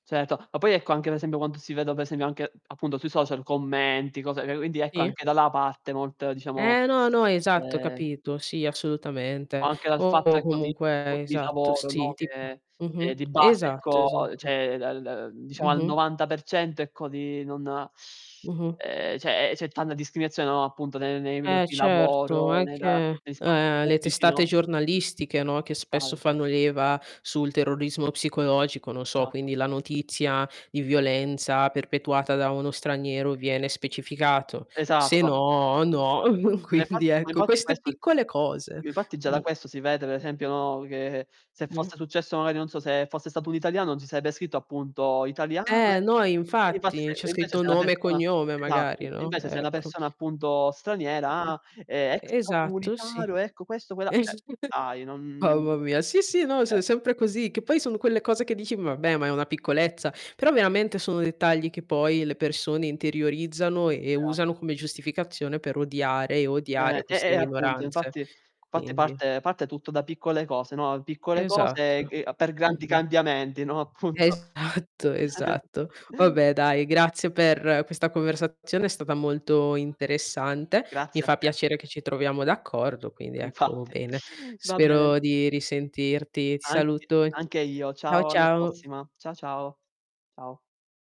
Certo. Ma poi ecco anche per esempio quando si vede per esempio anche appunto sui social commenti, cose quindi ecco Sì. anche da là parte molto diciamo Eh, no no esatto, ho eh capito, sì O assolutamente. anche dal fatto O ecco di [unintelligible] comunque di esatto lavoro, sì no, tipo. che che Mh-mh. di base Esatto ecco esa cioè dal da diciamo al mh-mh. 90% ecco di non Mh-mh. ehm, c'è c'è tanta discriminazione, no, appunto ne nei luoghi Eh di certo, lavoro, anche nella negli spazi eh, le pubblici, testate no? giornalistiche no, che spesso [unintelligible] fanno leva sul terrorismo psicologico, non so Esatto. quindi la notizia di violenza perpetuata da uno straniero, viene specificato. Se Esatto. no, no, Ma quindi Infatti ma ecco infatti queste questo piccole cose. infatti già da Mhmm. questo si vede per esempio, no, che se [unintelligible] fosse successo magari non so se fosse stato un italiano, si sarebbe scritto appunto "italiano", Eh, ecco. no infatti. C'è [unintelligible] invece scritto se una nome e persona cognome esatto. magari, no, Invece se una ecco. persona è appunto Mh. straniera: "Ah, E esatto, extracomunitario, sì. ecco questo quella", eh, [unintelligible] dai non Mamma mia sì, sì, no s eh. è sempre così che poi sono quelle cose che dici: "Vabbè ma è una piccolezza", però veramente sono dettagli che poi le persone interiorizzano e e E a usano come giustificazione per odiare e odiare Eh. E queste e appunto minoranze. infatti infatti Quindi parte parte tutto da piccole cose, no? Piccole cose e Esatto. g per grandi Mh-mh. cambiamenti, no, appunto. Esatto esatto. Vabbè dai, grazie per questa conversazione è stata molto interessante. Mi Grazie a fa te. piacere che ci troviamo d'accordo quindi ecco Infatti. bene. Va bene. Spero di risentirti. Ti Anche saluto e anche io. Ciao Ciao, alla ciao. prossima. Ciao ciao. Ciao.